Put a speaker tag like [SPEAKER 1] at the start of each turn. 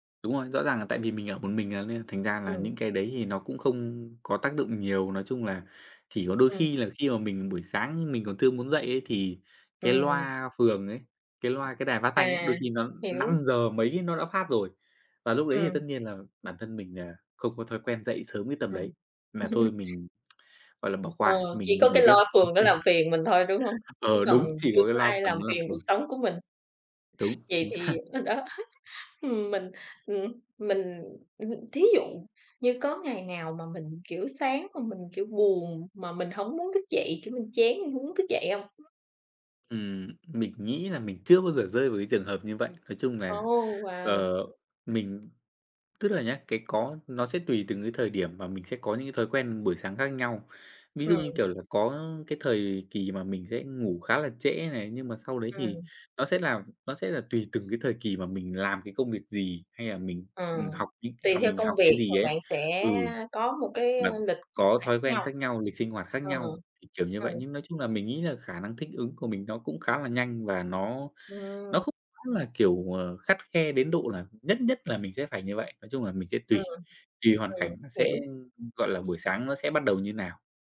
[SPEAKER 1] Đúng rồi, rõ ràng là tại vì mình ở một mình, à, nên là thành ra là
[SPEAKER 2] Ừm.
[SPEAKER 1] những cái đấy thì nó cũng không có tác dụng nhiều. Nói chung là chỉ có đôi
[SPEAKER 2] Ừm.
[SPEAKER 1] khi là khi mà mình buổi sáng mình còn chưa muốn dậy ấy thì cái
[SPEAKER 2] Ừm.
[SPEAKER 1] loa phường ấy, cái loa cái đài phát thanh ấy,
[SPEAKER 2] À,
[SPEAKER 1] đôi khi nó năm
[SPEAKER 2] hiểu.
[SPEAKER 1] giờ mấy nó đã phát rồi. Và lúc đấy thì
[SPEAKER 2] Ừm.
[SPEAKER 1] tất nhiên là bản thân mình nà không có thói quen dậy sớm cái tầm
[SPEAKER 2] Ừm.
[SPEAKER 1] đấy, nà thôi mình, gọi là, bỏ
[SPEAKER 2] Ờ,
[SPEAKER 1] qua,
[SPEAKER 2] chỉ
[SPEAKER 1] mình đi
[SPEAKER 2] có
[SPEAKER 1] ngủ
[SPEAKER 2] cái
[SPEAKER 1] tiếp.
[SPEAKER 2] loa phường nó làm phiền mình thôi, đúng hông? Chứ
[SPEAKER 1] Ờ, đúng,
[SPEAKER 2] còn
[SPEAKER 1] chỉ
[SPEAKER 2] chưa
[SPEAKER 1] có cái
[SPEAKER 2] có
[SPEAKER 1] loa
[SPEAKER 2] ai làm
[SPEAKER 1] phường nó làm
[SPEAKER 2] phiền cuộc
[SPEAKER 1] phiền.
[SPEAKER 2] sống của mình.
[SPEAKER 1] Đúng,
[SPEAKER 2] Vậy
[SPEAKER 1] chính xác!
[SPEAKER 2] thì, ờ, ờ, đó Ừm, mình, ừm, mình, ừm, hừm, thí dụ như có ngày nào mà mình, kiểu, sáng mà mình, kiểu, buồn, mà mình hổng muốn thức dậy, kiểu như, chán mình hông muốn thức dậy hông?
[SPEAKER 1] Ừm, mình nghĩ là mình chưa bao giờ rơi vào cái trường hợp như vậy. Nói chung
[SPEAKER 2] Ồ,
[SPEAKER 1] là,
[SPEAKER 2] wow.
[SPEAKER 1] ờ, mình tức là nhá, cái có nó sẽ tùy từng cái thời điểm mà mình sẽ có những cái thói quen buổi sáng khác nhau. Ví dụ như,
[SPEAKER 2] Ừm.
[SPEAKER 1] kiểu là, có cái thời kỳ mà mình sẽ ngủ khá là trễ này, nhưng mà sau đấy thì
[SPEAKER 2] Ừm.
[SPEAKER 1] nó sẽ làm nó sẽ là tùy từng cái thời kỳ mà mình làm cái công việc gì, hay là mình,
[SPEAKER 2] Ờ,
[SPEAKER 1] ừm, học những
[SPEAKER 2] tùy
[SPEAKER 1] hoặc
[SPEAKER 2] theo
[SPEAKER 1] mình
[SPEAKER 2] công
[SPEAKER 1] học cái
[SPEAKER 2] việc mà
[SPEAKER 1] gì ấy.
[SPEAKER 2] bạn sẽ
[SPEAKER 1] Ừ.
[SPEAKER 2] có một cái, a,
[SPEAKER 1] Và
[SPEAKER 2] lịch sinh
[SPEAKER 1] có
[SPEAKER 2] hoạt
[SPEAKER 1] thói
[SPEAKER 2] khác
[SPEAKER 1] quen
[SPEAKER 2] nhau.
[SPEAKER 1] khác nhau, lịch sinh hoạt khác
[SPEAKER 2] Ờ.
[SPEAKER 1] nhau thì, kiểu như
[SPEAKER 2] Ừm.
[SPEAKER 1] vậy, nhưng nói chung là mình nghĩ là khả năng thích ứng của mình nó cũng khá là nhanh và nó nó
[SPEAKER 2] Ừm.
[SPEAKER 1] không hẳn là, kiểu, ờ, khắt khe đến độ là nhất nhất là mình sẽ phải như vậy, nói chung là mình sẽ tuỳ.
[SPEAKER 2] Ừm,
[SPEAKER 1] Tuỳ hoàn
[SPEAKER 2] ừm,
[SPEAKER 1] cảnh nó
[SPEAKER 2] hiểu.
[SPEAKER 1] sẽ, ừm, gọi là buổi sáng nó sẽ bắt đầu như nào.